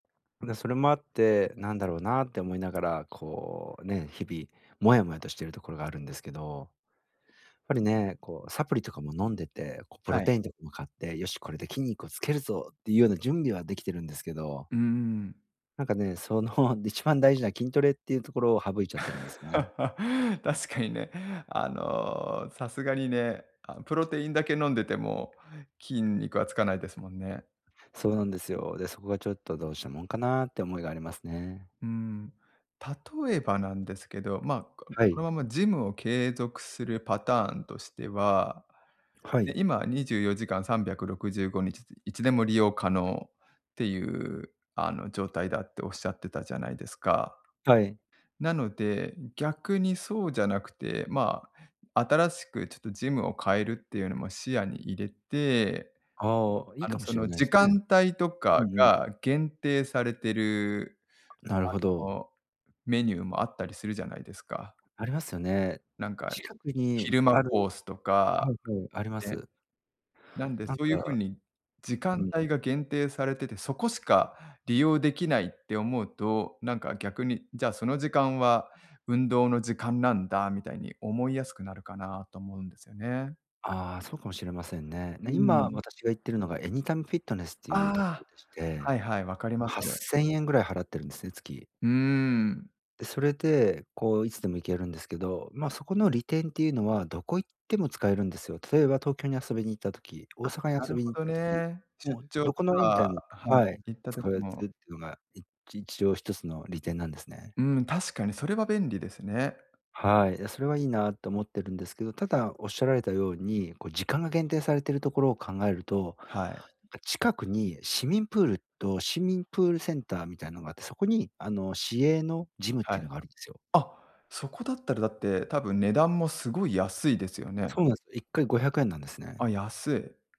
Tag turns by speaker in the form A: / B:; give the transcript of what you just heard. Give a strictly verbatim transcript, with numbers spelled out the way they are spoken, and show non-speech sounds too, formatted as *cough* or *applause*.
A: で、それもあって、なんだろうなって思いながら、こうね、日々モヤモヤとしているところがあるんですけど。やっぱりね、こうサプリとかも飲んでて、こうプロ
B: はい。
A: テインとかも買って、「よし、これで筋肉をつけるぞ」っていうような準備はできてるんですけど
B: うーん。
A: なんかね、その一番大事な筋トレっていうところを省いちゃってるんです
B: *laughs*
A: ね。
B: 確かにね、あの、さすがにね、あ、プロテインだけ飲んでても筋肉はつかないですもんね。
A: そうなんですよ。で、そこがちょっと、どうしたもんかなって思いがありますね。
B: うーん、例えばなんですけど、ま、こ
A: は
B: この
A: い。
B: ままジムを継続するパターンとしては、
A: は
B: ね、
A: い。
B: 今はにじゅうよじかんさんびゃくろくじゅうごにちいつでも利用可能っていうあの、状態だっておっしゃってたじゃないですか。
A: はい。
B: なので、逆にそうじゃなくて、まあ、新しくちょっとジムを変えるっていうのも視野に入れて、
A: ああ、いい
B: あの
A: かも
B: そ
A: しれ
B: の、
A: ないで
B: 時
A: すね。
B: 間帯と
A: う
B: か
A: んうん。
B: が限定されてる、
A: なるほ
B: あ
A: ど。
B: のメニューもあったりするじゃないですか。
A: ありますよね。
B: なんか、
A: 近くに
B: 昼間
A: あ
B: コ
A: る
B: ースと
A: は
B: か、
A: いはい、ありま
B: ね。
A: す。
B: なんで
A: なん
B: そういうふう
A: か
B: に、時
A: う
B: 間
A: ん。
B: 帯が限定されてて、そこしか利用できないって思うと、なんか逆に、「じゃあ、その時間は運動の時間なんだ」みたいに思いやすくなるかなと思うんですよね。
A: ああ、そうかもしれませんね。え、
B: う
A: 今、
B: ん。
A: 私が行ってるのが AnytimeFitness っていう
B: あ
A: ところ
B: あ、
A: でして、
B: はいはい、分かります
A: はっ
B: よ。
A: せんえんぐらい払ってるんですね、月。
B: うん。
A: で、それでこう、いつでも行けるんですけど、ま、そこの利点っていうのは、どこ行っても使えるんですよ。例えば東京に遊びに行った時、大
B: あ、
A: 阪に
B: な
A: 遊
B: る
A: び
B: ほ
A: に行っ
B: ど
A: た時、
B: ね。出
A: もう
B: 張
A: ど
B: と
A: この Anytime
B: かは
A: はい、
B: い、行った
A: つ
B: 時
A: かえ
B: も。
A: つっていうのが、いち一応、一つの利点なんですね。
B: うん、確かにそれは便利ですね。
A: はい、で、それはいいなと思ってるんですけど、ただおっしゃられたように、こう時間が限定されているところを考えると、な
B: はい。
A: んか、近くに市民プールと市民プールセンターみたいのがあって、そこにあの、市営のジムっ
B: は
A: ていう
B: い。
A: のがあるんですよ。
B: あ、そこだったらだって、多分値段もすごい安いですよね。
A: そうなんすよ。いっかいごひゃくえんなんです
B: あ、
A: ね。
B: 安い。